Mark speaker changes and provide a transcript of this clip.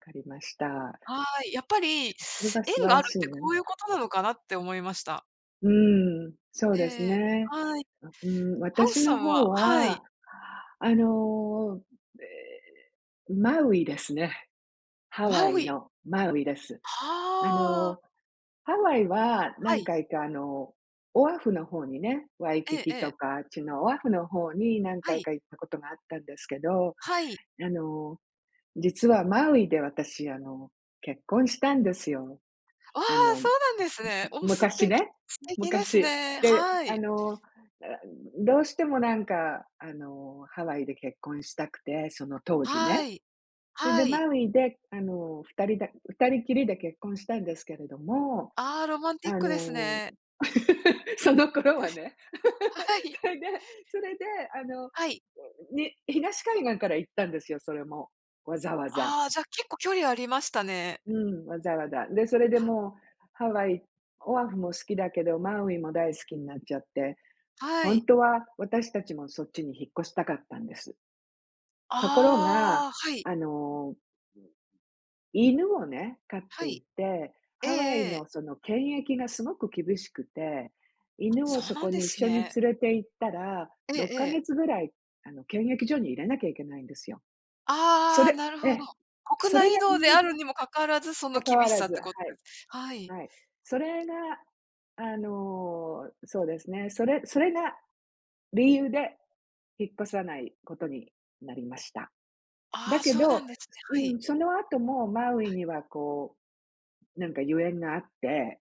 Speaker 1: 分かりました。
Speaker 2: はい、やっぱり
Speaker 1: それは素晴
Speaker 2: 縁が
Speaker 1: ら
Speaker 2: あるっ
Speaker 1: しい
Speaker 2: て
Speaker 1: ね。
Speaker 2: こういうことなのかなって思いました。
Speaker 1: うーん、そうです
Speaker 2: へえ、
Speaker 1: ね。
Speaker 2: はい。
Speaker 1: う、ん、
Speaker 2: ハウス
Speaker 1: 私
Speaker 2: さ
Speaker 1: の
Speaker 2: ん
Speaker 1: 方
Speaker 2: は、はい。
Speaker 1: は、あの、ええ、マウイですね。ハ
Speaker 2: マ
Speaker 1: ワイ
Speaker 2: ウイ。
Speaker 1: のマウイです。あ
Speaker 2: は。
Speaker 1: のハワイは
Speaker 2: は
Speaker 1: 何
Speaker 2: い。
Speaker 1: 回かあのオアフの方にね、ワイ
Speaker 2: え
Speaker 1: キ
Speaker 2: ええ
Speaker 1: キ
Speaker 2: え。
Speaker 1: とかあっちのオアフの方に何
Speaker 2: は
Speaker 1: 回
Speaker 2: い。
Speaker 1: か行ったことがあったんですけど、
Speaker 2: はい。
Speaker 1: あの実はマウイで私あの結婚したんですよ。
Speaker 2: あ
Speaker 1: あ
Speaker 2: あ、
Speaker 1: の、
Speaker 2: そう
Speaker 1: む
Speaker 2: なんですね。
Speaker 1: む
Speaker 2: おお、す
Speaker 1: 昔
Speaker 2: て
Speaker 1: ね、
Speaker 2: 素敵です
Speaker 1: 昔。
Speaker 2: ね。
Speaker 1: で、
Speaker 2: は
Speaker 1: あ
Speaker 2: い。
Speaker 1: の、ああ、どうしてもなんかあのハワイで結婚したくて、その当時
Speaker 2: は
Speaker 1: ね。
Speaker 2: い、
Speaker 1: それで
Speaker 2: はい。
Speaker 1: マウイであの2人で2人きりで結婚したんですけれども、
Speaker 2: ああ、ロマンティッ
Speaker 1: あ
Speaker 2: クです
Speaker 1: の
Speaker 2: ね。
Speaker 1: その頃はね。
Speaker 2: はい。
Speaker 1: それで、それであの、ん、
Speaker 2: はい。
Speaker 1: に東海岸から行ったんですよ、それも、わざわざ。
Speaker 2: ああ、じゃ結構距離ありましたね。
Speaker 1: うん、わざわざ、でそれで
Speaker 2: は。
Speaker 1: もうハワイ、オアフも好きだけどマウイも大好きになっちゃって、
Speaker 2: は
Speaker 1: 本
Speaker 2: い。
Speaker 1: 当は私たちもそっちに引っ越したかったんです。ところが、
Speaker 2: ああ、はい。
Speaker 1: あの犬をね、飼っ
Speaker 2: は
Speaker 1: てい
Speaker 2: い。
Speaker 1: て、
Speaker 2: ええ
Speaker 1: ハワイ
Speaker 2: ええ。
Speaker 1: のその検疫がすごく厳しくて、
Speaker 2: あ、
Speaker 1: 犬を
Speaker 2: そう
Speaker 1: そ
Speaker 2: な
Speaker 1: こ
Speaker 2: んで
Speaker 1: に
Speaker 2: す
Speaker 1: 一緒に
Speaker 2: ね。
Speaker 1: 連れて行ったら、
Speaker 2: ええ
Speaker 1: ろっかげ
Speaker 2: ええ。
Speaker 1: つぐらいあの検疫所に入れなきゃいけないんですよ。そ
Speaker 2: ああ、
Speaker 1: れ、
Speaker 2: なるほ
Speaker 1: え、
Speaker 2: ど。国
Speaker 1: それ
Speaker 2: 内移
Speaker 1: が理
Speaker 2: 動で
Speaker 1: 由
Speaker 2: あ
Speaker 1: で、
Speaker 2: るにもかかわらず、その
Speaker 1: 関わ
Speaker 2: 厳し
Speaker 1: ら
Speaker 2: さっ
Speaker 1: ず、
Speaker 2: て
Speaker 1: は
Speaker 2: こっで
Speaker 1: い、
Speaker 2: す。はい。
Speaker 1: はい。それが、あのそうですね、それそれが理由で引っ越さないことになりました。
Speaker 2: あ
Speaker 1: だ
Speaker 2: あ、
Speaker 1: け
Speaker 2: そうな
Speaker 1: ど、
Speaker 2: んですね。
Speaker 1: う
Speaker 2: はい。
Speaker 1: ん、その後もマウ
Speaker 2: は
Speaker 1: イ
Speaker 2: い。
Speaker 1: にはこうなんか由縁があって。